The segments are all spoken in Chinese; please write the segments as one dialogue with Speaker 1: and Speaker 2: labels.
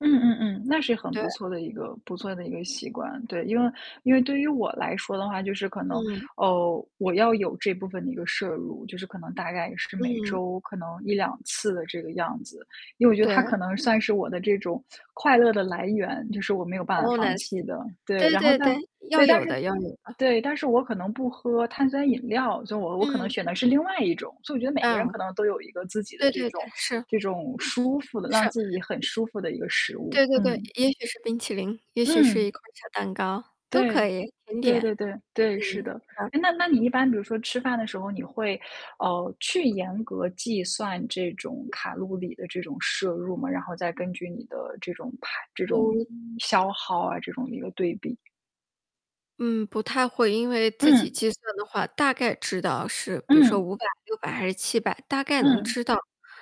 Speaker 1: 嗯嗯嗯，那是很
Speaker 2: 对。
Speaker 1: 不错的一个不错的一个习惯。对，因为因为对于我来说的话，就是可能，
Speaker 2: 嗯。
Speaker 1: 哦，我要有这部分的一个摄入，就是可能大概是每
Speaker 2: 嗯。
Speaker 1: 周可能1-2次的这个样子。因为我觉得，它
Speaker 2: 对。
Speaker 1: 可能算是我的这种快乐的来源，就是我没有办法
Speaker 2: 哦，
Speaker 1: 放
Speaker 2: nice。
Speaker 1: 弃的，对。
Speaker 2: 对
Speaker 1: 然后
Speaker 2: 对
Speaker 1: 但
Speaker 2: 对。
Speaker 1: 对，
Speaker 2: 要
Speaker 1: 但
Speaker 2: 有
Speaker 1: 是
Speaker 2: 的要有的。
Speaker 1: 对，但是我可能不喝碳酸饮料，所以我我可能
Speaker 2: 嗯。
Speaker 1: 选的是另外一种，所以我觉得每个人
Speaker 2: 嗯。
Speaker 1: 可能都有一个自己的
Speaker 2: 对
Speaker 1: 这
Speaker 2: 对
Speaker 1: 种
Speaker 2: 对。是。
Speaker 1: 这种舒服的让
Speaker 2: 是。
Speaker 1: 自己很舒服的一个食物，
Speaker 2: 对对对。
Speaker 1: 嗯。
Speaker 2: 也许是冰淇淋，也许是
Speaker 1: 嗯。
Speaker 2: 一块小蛋糕，都
Speaker 1: 对。
Speaker 2: 可以，甜
Speaker 1: 对
Speaker 2: 点。
Speaker 1: 对对。对。是
Speaker 2: 嗯，
Speaker 1: 的。
Speaker 2: 好。
Speaker 1: 诶，那那你一般比如说吃饭的时候，你会，呃，去严格计算这种卡路里的这种摄入吗？然后再根据你的这种排这种
Speaker 2: 哦。
Speaker 1: 消耗啊这种一个对比。
Speaker 2: 嗯，不太会。因为自己
Speaker 1: 嗯。
Speaker 2: 计算的话，大概知道是比如说
Speaker 1: 嗯。
Speaker 2: 500、600还是700，大概能
Speaker 1: 嗯。
Speaker 2: 知道。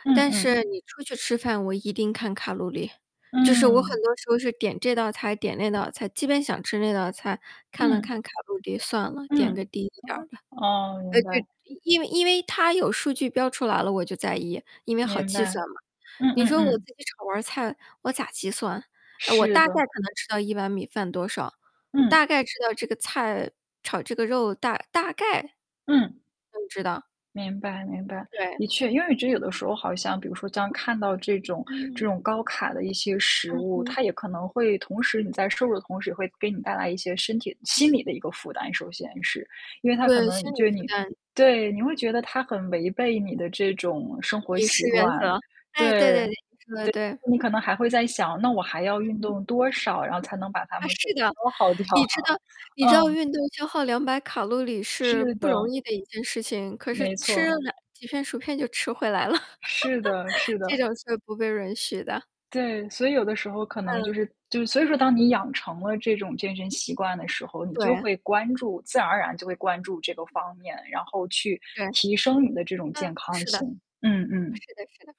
Speaker 1: 嗯
Speaker 2: 但
Speaker 1: 嗯。
Speaker 2: 是你出去吃饭，我一定看卡路里，就是我很
Speaker 1: 嗯。
Speaker 2: 多时候是点这道菜，点那道菜，基本想吃那道菜，看了
Speaker 1: 嗯。
Speaker 2: 看卡路里，算了，点个
Speaker 1: 嗯。
Speaker 2: 低一点
Speaker 1: 哦
Speaker 2: 儿的。
Speaker 1: 哦。哦。
Speaker 2: 呃，
Speaker 1: 明
Speaker 2: 就
Speaker 1: 白。
Speaker 2: 因为因为它有数据标出来了，我就在意，因为好
Speaker 1: 明
Speaker 2: 计
Speaker 1: 白。
Speaker 2: 算嘛。
Speaker 1: 嗯
Speaker 2: 你
Speaker 1: 嗯
Speaker 2: 说我自
Speaker 1: 嗯。
Speaker 2: 己炒盘儿菜，我咋计算？呃，我
Speaker 1: 是
Speaker 2: 大概
Speaker 1: 的。
Speaker 2: 可能知道1碗米饭多少，
Speaker 1: 嗯。
Speaker 2: 大概知道这个菜炒这个肉大大概
Speaker 1: 嗯。
Speaker 2: 嗯，知道。
Speaker 1: 明白明白。
Speaker 2: 对。
Speaker 1: 的确，因为我觉得有的时候好像比如说，当看到这种这
Speaker 2: 嗯。
Speaker 1: 种高卡的一些食
Speaker 2: 嗯
Speaker 1: 物，
Speaker 2: 嗯。
Speaker 1: 它也可能会同时你在摄入同时，会给你带来一些身体心理的一个负担，首先是。因为它可
Speaker 2: 对。
Speaker 1: 能
Speaker 2: 心理
Speaker 1: 对
Speaker 2: 负
Speaker 1: 你
Speaker 2: 担。
Speaker 1: 对，你会觉得它很违背你的这种生活
Speaker 2: 饮
Speaker 1: 习
Speaker 2: 食原
Speaker 1: 惯，
Speaker 2: 则。
Speaker 1: 对，
Speaker 2: 诶，对对对，你说得
Speaker 1: 对啊，
Speaker 2: 对。
Speaker 1: 你可能还会在想，那我还要运
Speaker 2: 嗯。
Speaker 1: 动多少，然后才能把它
Speaker 2: 啊，
Speaker 1: 们给
Speaker 2: 是的。
Speaker 1: 消耗掉？
Speaker 2: 你知道你知道
Speaker 1: 嗯。
Speaker 2: 运动消耗200卡路里是
Speaker 1: 是
Speaker 2: 不容
Speaker 1: 的。
Speaker 2: 易的一件事情，可
Speaker 1: 没
Speaker 2: 是吃
Speaker 1: 错。
Speaker 2: 2几片薯片就吃回来了。
Speaker 1: 是的是
Speaker 2: 这
Speaker 1: 的。
Speaker 2: 种是不被允许的。
Speaker 1: 对，所以有的时候可能就
Speaker 2: 嗯。
Speaker 1: 是就所以说，当你养成了这种健身习惯的时候，你就
Speaker 2: 对。
Speaker 1: 会关注自然而然就会关注这个方面，然后去
Speaker 2: 对。
Speaker 1: 提升你的这种健
Speaker 2: 嗯，
Speaker 1: 康
Speaker 2: 是的。
Speaker 1: 性，嗯嗯。
Speaker 2: 是的是的。